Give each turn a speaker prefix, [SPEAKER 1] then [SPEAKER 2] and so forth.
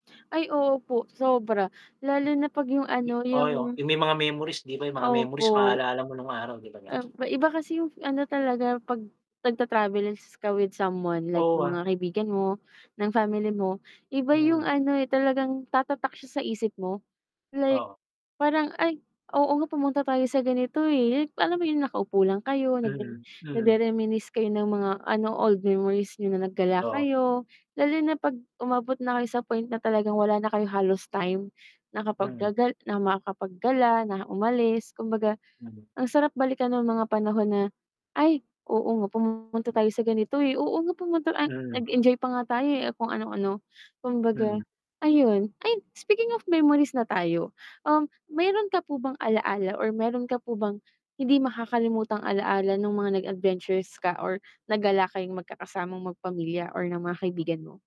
[SPEAKER 1] Ay, oo po sobra lalo na pag yung ano yung
[SPEAKER 2] [unintelligible] yung may mga memories diba yung mga memories
[SPEAKER 1] Opo.
[SPEAKER 2] maalala mo nung araw diba?
[SPEAKER 1] Opo Iba kasi yung ano talaga pag nagta travels ka with someone like
[SPEAKER 2] Oo ,ah.
[SPEAKER 1] mga kaibigan mo ng family mo, iba
[SPEAKER 2] Hmm.
[SPEAKER 1] yung ano e talagang tatak sya sa isip mo, like
[SPEAKER 2] Oo.
[SPEAKER 1] parang ay oo nga pumunta tayo sa ganito e [unintelligible] alam mo yung naka upo lang kayo nag
[SPEAKER 2] Hmm, hmm.
[SPEAKER 1] nagrereminisce kayo ng mga ano old memories niyo na naggala
[SPEAKER 2] Oo.
[SPEAKER 1] kayo lalo na pag umabot na kayo sa point na talagang, wala na Kayong halos time na kapag
[SPEAKER 2] Hmm.
[SPEAKER 1] gagal na makakapaggala na umalis kumbaga,
[SPEAKER 2] Mhm.
[SPEAKER 1] ang sarap balikan ng mga panahon na ay oo, nga pumunta tayo sa ganito eh, oo, nga pumunta
[SPEAKER 2] Mhm.
[SPEAKER 1] Ang nag-Enjoy pa nga tayo eh, kung ano ano kumbaga
[SPEAKER 2] Mhm.
[SPEAKER 1] ayun ay speaking of memories na tayo um, meron ka po bang alala or meron ka po bang hindi makakalimutang alaala Nung mga nag-Adventures ka or nagala kayong magkakasamang magpamilya or ng mga kaibigan mo.